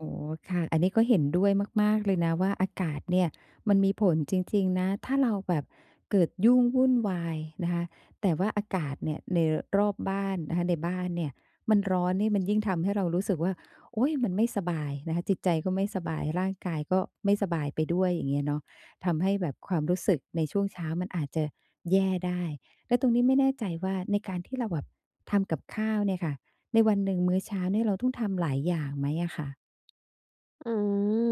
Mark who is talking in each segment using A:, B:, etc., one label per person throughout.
A: อ๋อ ค่ะ อันนี้ก็เห็นด้วยมาก ๆ เลยนะ ว่าอากาศเนี่ย มันมีผลจริง ๆ นะ ถ้าเราแบบเกิดยุ่งวุ่นวายนะคะ แต่ว่าอากาศเนี่ย ในรอบบ้านนะคะ ในบ้านเนี่ย มันร้อนนี่มันยิ่งทำให้เรารู้สึกว่า โอ๊ย มันไม่สบายนะคะ จิตใจก็ไม่สบาย ร่างกายก็ไม่สบายไปด้วย อย่างเงี้ยเนาะ ทำให้แบบความรู้สึกในช่วงเช้ามันอาจจะแย่ได้ แล้วตรงนี้ไม่แน่ใจว่า ในการที่เราแบบทำกับข้าวเนี่ยค่ะ ในวันหนึ่งมื้อเช้าเนี่ย เราต้องทำหลายอย่างไหมอะค่ะ?
B: อืม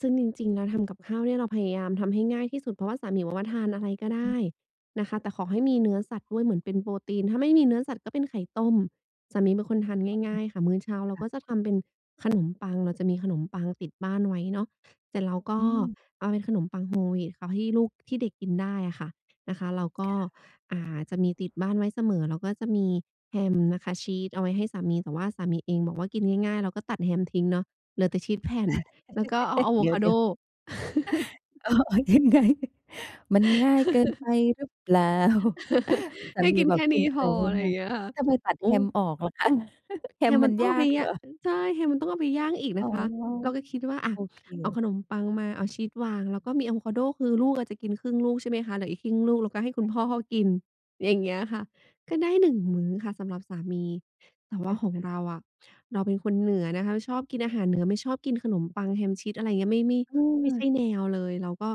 B: ซึ่งจริง ๆ แล้วทำกับข้าวเนี่ย เราพยายามทำให้ง่ายที่สุด เพราะว่าสามีบอกว่า ทานอะไรก็ได
A: อ
B: ้
A: ือ
B: นะคะ แต่ขอให้มีเนื้อสัตว์ด้วยเหมือนเป็นโปรตีน ถ้าไม่มีเนื้อสัตว์ก็เป็นไข่ต้ม สามีเป็นคนทานง
A: อ
B: ่
A: ื
B: า
A: อ
B: ย ๆ ค่ะ มื้อเช้าเรา
A: ค่
B: ก็
A: ะ
B: จะทำเป็นขนมปัง เราจะมีขนมปังติดบ้านไว้เนาะ เสร็จแล้วก็
A: อืม
B: เอาเป็นขนมปังโฮลวีตเอาให้ลูก ที่เด็กกินได้อะค่ะ นะคะ เราก็
A: ค่ะ
B: อ่า จะมีติดบ้านไว้เสมอ แล้วก็จะมีแฮมนะคะ ชีสเอาไว้ให้สามี แต่ว่าสามีเองบอกว่ากินง่าย ๆ เราก็ตัดแฮมทิ้งเนาะ เหลือแต่ชีสแผ่น แล้วก็เอาอาโว
A: เดี๋
B: คาโด
A: ยว ๆ เอาออกยังไง มันง่ายเกินไปหรือเปล่า? สา
B: ให้
A: มี
B: กิน
A: บ
B: แ
A: อ
B: ค
A: ก
B: ่
A: ก
B: น
A: ิ
B: ี
A: น
B: ้
A: อะ
B: พ
A: ไร
B: อ อะไร
A: ง
B: อย
A: ่า
B: ่า
A: ย
B: งเงี้ยค่ะ
A: ๆ ทำไมตัด
B: โอ
A: แ
B: ้
A: ฮมออกเหรอคะ? แฮ
B: แฮ
A: ม
B: มม
A: ม
B: ั
A: ั
B: น
A: น
B: ต้อง
A: ย
B: เอ
A: า
B: าไป
A: ก
B: ย
A: เหร
B: ะ
A: อ?
B: ใช่ แฮมมันต้องเอาไปย่างอีก
A: อ
B: น
A: ๋
B: ะ
A: อ
B: คะ เราก็คิดว่า อะ
A: โอเค
B: เอาขนมปังมาเอาชีสวาง แล้วก็มีอาโวคาโด คือลูกอาจจะกินครึ่งลูก ใช่ไหมคะ เหลืออีกครึ่งลูกเราก็ให้คุณพ่อเขากิน อย่างเงี้ยค่ะ ก็ได้ 1 มื้อค่ะ สำหรับสามี แต่ว
A: อ
B: ่า
A: ือฮ
B: ข
A: ึ
B: องเราอะ เราเป็นคนเหนือนะคะ แล้วชอบกินอาหารเหนือ ไม่ชอบกินขนมปังแฮมชีส อะไรเงี้ย ไม่ ไม่
A: อื
B: ไม่ใ
A: ม
B: ช่แนวเลย เราก็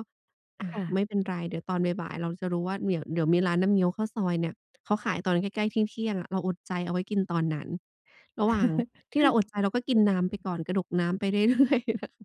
B: อ่า
A: ค่
B: ไม่เป็น
A: ะ
B: ไร เดี๋ยวตอนบ่าย ๆ เราจะรู้ว่าเดี๋ยว เดี๋ยวมีร้านน้ำเงี้ยวข้าวซอยเนี่ย เขาขายตอนใกล้ ๆ เที่ยง ๆ อะ เราอดใจเอาไว้กินตอนนั้น ระหว่างที่เราอดใจเราก็กินน้ำไปก่อน กระดกน้ำไป เรื่อย ๆ